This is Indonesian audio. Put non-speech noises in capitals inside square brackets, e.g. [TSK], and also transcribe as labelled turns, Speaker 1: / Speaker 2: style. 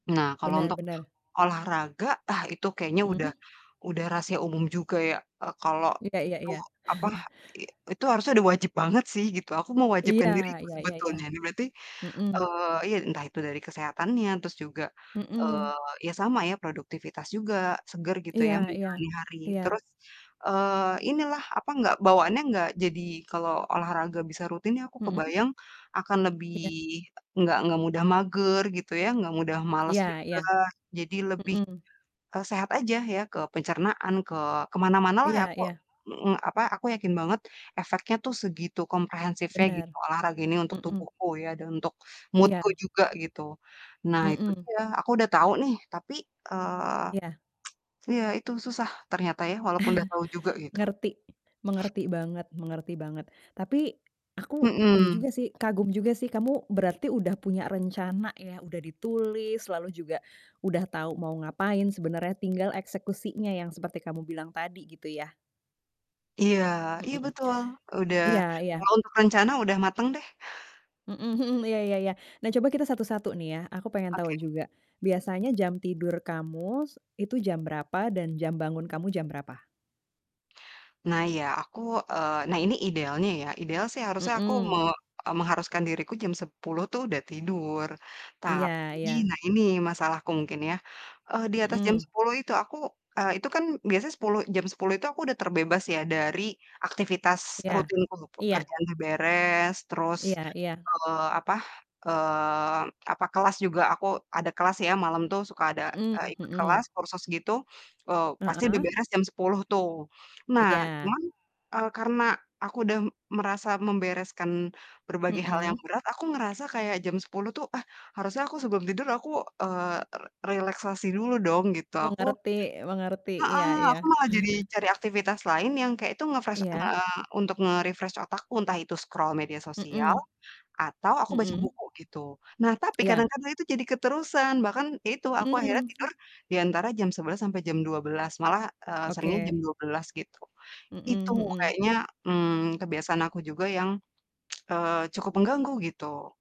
Speaker 1: Nah, kalau
Speaker 2: Benar
Speaker 1: untuk
Speaker 2: benar.
Speaker 1: olahraga, ah itu kayaknya udah
Speaker 2: Mmm.
Speaker 1: udah rahasia umum juga ya, eee, kalau
Speaker 2: Iya iya
Speaker 1: itu
Speaker 2: iya.
Speaker 1: apa,
Speaker 2: [CHUCKLES]
Speaker 1: i itu harusnya udah wajib banget sih gitu, aku
Speaker 2: Iya,
Speaker 1: mewajibkan diriku
Speaker 2: iya iya iya.
Speaker 1: sebetulnya. Ini berarti,
Speaker 2: Mmm.
Speaker 1: eee, iya entah itu dari kesehatannya, terus juga,
Speaker 2: Mmm.
Speaker 1: eee, ya sama ya, produktivitas juga, seger gitu
Speaker 2: Iya
Speaker 1: ya
Speaker 2: iya.
Speaker 1: menjalani hari
Speaker 2: Iya.
Speaker 1: terus, eee, inilah apa enggak bawaannya enggak jadi kalau olahraga bisa rutin nih aku
Speaker 2: Mhm.
Speaker 1: kebayang, akan lebih
Speaker 2: Iya.
Speaker 1: enggak enggak mudah mager gitu ya, enggak mudah males
Speaker 2: Iya iya.
Speaker 1: juga. Jadi lebih,
Speaker 2: Mhm.
Speaker 1: eee, sehat aja ya, ke pencernaan, ke ke mana-manalah ya
Speaker 2: Iya
Speaker 1: aku
Speaker 2: iya.
Speaker 1: mhm, apa, aku yakin banget efeknya tuh segitu komprehensifnya gitu
Speaker 2: Benar.
Speaker 1: olahraga ini untuk
Speaker 2: Mhm.
Speaker 1: tubuhku ya, dan untuk mood-ku
Speaker 2: Iya.
Speaker 1: juga gitu. Nah itu
Speaker 2: Mmm.
Speaker 1: dia, aku udah tahu nih tapi, eee,
Speaker 2: Iya.
Speaker 1: [TSK] iya itu susah ternyata ya walaupun udah tahu juga
Speaker 2: [CHUCKLES]
Speaker 1: gitu.
Speaker 2: Ngerti. Mengerti banget mengerti banget. Tapi aku ini
Speaker 1: Mhm.
Speaker 2: juga sih, kagum juga sih kamu berarti udah punya rencana ya, udah ditulis lalu juga udah tahu mau ngapain, sebenarnya tinggal eksekusinya yang seperti kamu bilang tadi gitu ya.
Speaker 1: Iya iya
Speaker 2: MHm.
Speaker 1: betul. Udah
Speaker 2: Iya iya.
Speaker 1: kalau untuk rencana udah mateng deh.
Speaker 2: Mmm, mhm, iya iya iya. Nah coba kita satu-satu nih ya, aku pengen tahu
Speaker 1: Oke.
Speaker 2: juga, biasanya jam tidur kamu s itu jam berapa dan jam bangun kamu jam berapa?
Speaker 1: Nah iya aku eee, nah ini idealnya ya, ideal sih harusnya aku me
Speaker 2: Mmm.
Speaker 1: eee, mengharuskan diriku jam 10.00 tuh udah tidur.
Speaker 2: Iya
Speaker 1: Tapi
Speaker 2: iya.
Speaker 1: nah ini masalahku mungkin ya. Eee, di atas jam
Speaker 2: Mmm.
Speaker 1: 10.00 itu aku eee, itu kan, eee, itu kan biasanya sepuluh jam 10.00 itu aku udah terbebas ya dari aktivitas
Speaker 2: Iya,
Speaker 1: rutinku,
Speaker 2: iya.
Speaker 1: pekerjaan udah beres, terus,
Speaker 2: Iya iya.
Speaker 1: eee, apa, eee, apa, kelas juga aku ada kelas ya malam tuh suka ada,
Speaker 2: Mhm
Speaker 1: eee, ikut
Speaker 2: mhm.
Speaker 1: kelas kursus gitu, eee, pasti udah
Speaker 2: Heeh.
Speaker 1: beres jam 10.00 tuh. Nah
Speaker 2: Iya.
Speaker 1: cuman, eee, karena aku udah merasa membereskan berbagai hal yang
Speaker 2: Mhm.
Speaker 1: berat, aku ngerasa kayak jam 10.00 tuh, ah harusnya aku sebelum tidur aku, eee, r relaksasi dulu dong gitu, aku
Speaker 2: Mengerti mengerti. Iya
Speaker 1: Heeh,
Speaker 2: iya.
Speaker 1: aku malah jadi cari aktivitas
Speaker 2: [CHUCKLES]
Speaker 1: lain yang kayak itu nge-fresh
Speaker 2: Iya.
Speaker 1: nge untuk nge-refresh otakku, entah itu scroll media sosial,
Speaker 2: Mhm.
Speaker 1: atau aku baca
Speaker 2: Mhm.
Speaker 1: buku gitu. Nah tapi
Speaker 2: Iya.
Speaker 1: kadang-kadang itu jadi keterusan, bahkan ya itu aku akhirnya tidur,
Speaker 2: Mmm.
Speaker 1: di antara jam 11.00 sampai jam 12.00 malah, eee, seringnya jam
Speaker 2: Oke.
Speaker 1: 12:00 gitu. Itu
Speaker 2: Mmm, mhm.
Speaker 1: kayaknya, mmm, kebiasaan aku juga yang, [TSK] eee, cukup mengganggu gitu.